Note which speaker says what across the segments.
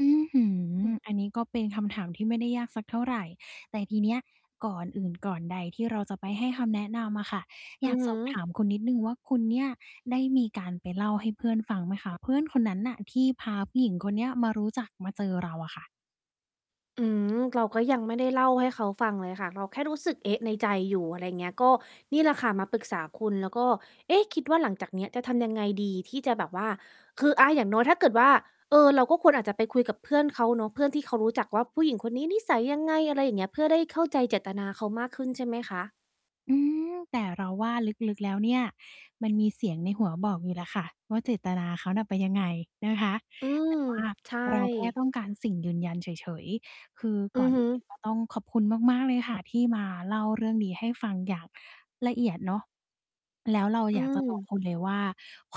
Speaker 1: อื้อฮื
Speaker 2: อ
Speaker 1: อ
Speaker 2: ืม
Speaker 1: อันนี้ก็เป็นคำถามที่ไม่ได้ยากสักเท่าไร แต่ทีเนี้ยก่อนอื่นก่อนใดที่เราจะไปให้คำแนะนำอะค่ะ อ
Speaker 2: อ
Speaker 1: ย
Speaker 2: ื
Speaker 1: า
Speaker 2: อ
Speaker 1: ก
Speaker 2: ฮ
Speaker 1: ส
Speaker 2: ึ
Speaker 1: อบถาม คุณนิดหนึ่งว่า คุณเนี่ยได้มีการไปเล่าให้เพื่อนฟังไหมคะ เพื่อนคนนั้นน่ะที่พาผู้หญิงคนเนี้ยมารู้จักมาเจอเราอะค่ะ?
Speaker 2: อืม เราก็ยังไม่ได้เล่าให้เขาฟังเลยค่ะ เราแค่รู้สึก เอ๊ะ ในใจอยู่ อะไรอย่างเงี้ย ก็นี่แหละค่ะ มาปรึกษาคุณ แล้วก็ เอ๊ะ คิดว่าหลังจากเนี้ยจะทำยังไงดีที่จะแบบว่า คือ อา อย่างน้อย ถ้าเกิดว่า เออ เราก็ควรอาจจะไปคุยกับเพื่อนเขาเนาะ เพื่อนที่เขารู้จักว่าผู้หญิงคนนี้นิสัยยังไง อะไรอย่างเงี้ย เพื่อได้เข้าใจเจตนาเขามากขึ้นใช่ไหมคะ?
Speaker 1: อืม แต่เราว่าลึก ๆ แล้วเนี่ยมันมีเสียงในหัวบอกอยู่แหละค่ะว่า เจตนาเขาน่ะเป็นยังไงนะคะ
Speaker 2: อื
Speaker 1: แ
Speaker 2: ม
Speaker 1: ต่ว่า
Speaker 2: ใช่
Speaker 1: เราแค่ต้องการสิ่งยืนยันเฉย ๆ คือ
Speaker 2: อื
Speaker 1: ก่อ
Speaker 2: อ
Speaker 1: น
Speaker 2: ฮ
Speaker 1: อื่
Speaker 2: ึ
Speaker 1: นก็ต้องขอบคุณมาก ๆ เลยค่ะที่มาเล่าเรื่องนี้ให้ฟังอย่างละเอียดเนาะ แล้วเรา
Speaker 2: อ
Speaker 1: อ
Speaker 2: ื
Speaker 1: ยากจะบอก
Speaker 2: ม
Speaker 1: คุณเลยว่า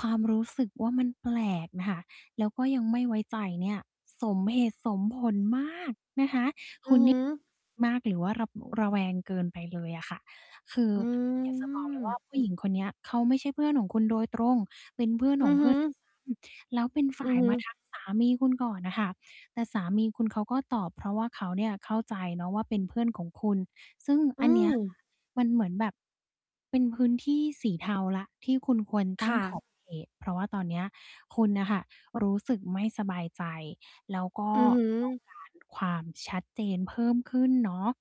Speaker 1: ความรู้สึกว่ามันแปลกน่ะค่ะ แล้วก็ยังไม่ไว้ใจเนี่ย สมเหตุสมผลมากนะ
Speaker 2: อือฮึ
Speaker 1: คะ คุณนี้ มากหรือว่าระ ระแวงเกินไปเลยอะค่ะ คือ
Speaker 2: อื
Speaker 1: อยากจะบอกเลยว่า
Speaker 2: ม
Speaker 1: ผู้หญิงคนเนี้ย เขาไม่ใช่เพื่อนของคุณโดยตรง เป็นเพื่อน
Speaker 2: อ
Speaker 1: ข
Speaker 2: ื
Speaker 1: อง
Speaker 2: อ
Speaker 1: เ
Speaker 2: ฮ
Speaker 1: พื
Speaker 2: ึ
Speaker 1: ่อน ด้วยซ้ำ แล้วเป็นฝ
Speaker 2: อ
Speaker 1: ่
Speaker 2: ื
Speaker 1: า
Speaker 2: อ
Speaker 1: ย
Speaker 2: ฮึ
Speaker 1: มาทักสามีคุณก่อนน่ะค่ะ แต่สามีคุณเขาก็ตอบ เพราะว่าเขาเนี่ยเข้าใจเนาะว่า เป็นเพื่อนของคุณ ซึ่ง
Speaker 2: อ
Speaker 1: อ
Speaker 2: ื
Speaker 1: ันเนี้ย อะ
Speaker 2: ม
Speaker 1: คะ มันเหมือนแบบ เป็นพื้นที่สีเทาแล้ว ที่
Speaker 2: ค่
Speaker 1: คุณค
Speaker 2: ะ
Speaker 1: วรตั้งขอบเขต เพราะว่าตอนเนี้ยคุณน่ะค่ะ รู้สึกไม่สบายใจ แล้วก็
Speaker 2: อือฮ
Speaker 1: ต้อง
Speaker 2: ึ
Speaker 1: การ ความชัดเจนเพิ่มขึ้นเนาะ